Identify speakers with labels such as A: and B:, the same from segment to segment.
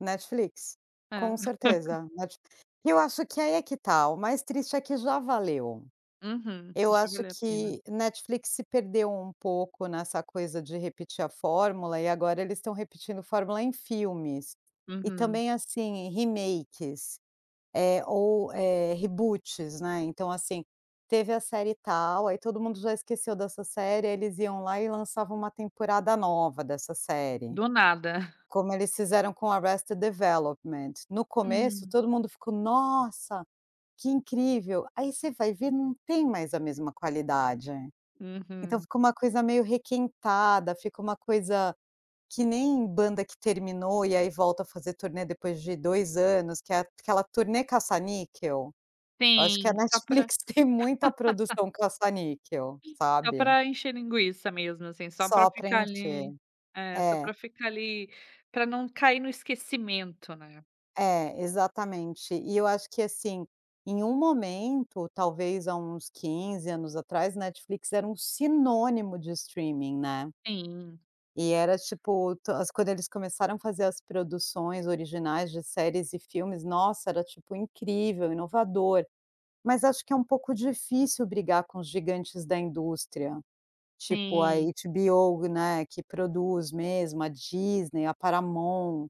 A: Netflix,
B: É.
A: com certeza. Net e eu acho que aí é que tá, o mais triste é que já valeu.
B: Uhum.
A: Eu
B: Já
A: acho
B: valeu a pena.
A: que Netflix se perdeu um pouco nessa coisa de repetir a fórmula e agora eles estão repetindo fórmula em filmes. E
B: Uhum.
A: também, assim, remakes, eh, ou eh, reboots, né. Então, assim, teve a série e tal, aí todo mundo já esqueceu dessa série, aí eles iam lá e lançavam uma temporada nova dessa série.
B: Do nada.
A: Como eles fizeram com o Arrested Development, no começo
B: Hum.
A: todo mundo ficou: "Nossa, que incrível", aí você vai ver não tem mais a mesma qualidade. Então
B: Uhum.
A: fica uma coisa meio requentada, fica uma coisa, que nem banda que terminou e aí volta a fazer turnê depois de 2 anos que é aquela turnê caça-níquel. Eu acho que a
B: Sim, só pra
A: Netflix tem muita produção caça-níquel,
B: Sim, só
A: sabe.
B: para encher linguiça mesmo, assim, só para
A: Só
B: ficar
A: preencher.
B: ali é, só
A: É.
B: para ficar ali pra não cair no esquecimento, né.
A: É, exatamente e eu acho que, assim, em um momento talvez há uns 15 anos atrás Netflix era um sinônimo de streaming, né.
B: Sim.
A: E era, tipo, to as quando eles começaram a fazer as produções originais de séries e filmes, nossa, era, tipo, incrível, inovador, mas acho que é um pouco difícil brigar com os gigantes da indústria, tipo a
B: Sim.
A: HBO, né, que produz mesmo a Disney, a Paramount,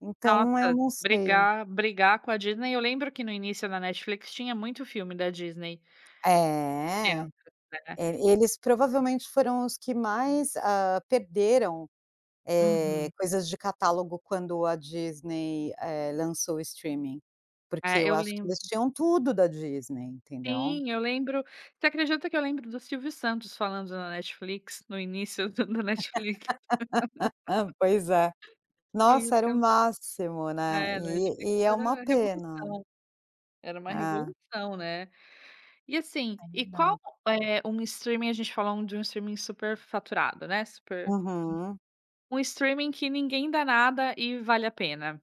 A: então eu
B: Nossa,
A: não sei.
B: brigar brigar com a Disney, eu lembro que no início na Netflix tinha muito filme da Disney.
A: É,
B: Dentro, é.
A: é, eles provavelmente foram os que mais, ah, perderam, eh,
B: Uhum.
A: coisas de catálogo quando a Disney, eh, lançou o streaming, porque
B: É,
A: eu
B: eu
A: acho que
B: lembro
A: eles tinham tudo da Disney, entendeu.
B: Sim, eu lembro você acredita que eu lembro do Silvio Santos falando na Netflix no início da da Netflix?
A: Pois é. Nossa era o
B: [unintelligible]
A: máximo, né.
B: É, Netflix
A: E e é uma
B: era revolução.
A: pena.
B: Era uma
A: É.
B: revolução, né. E assim,
A: É
B: e qual
A: verdade.
B: eh, um streaming a gente falando de um streaming superfaturado, né, super, enf
A: Uhum.
B: um streaming que ninguém dá nada e vale a pena?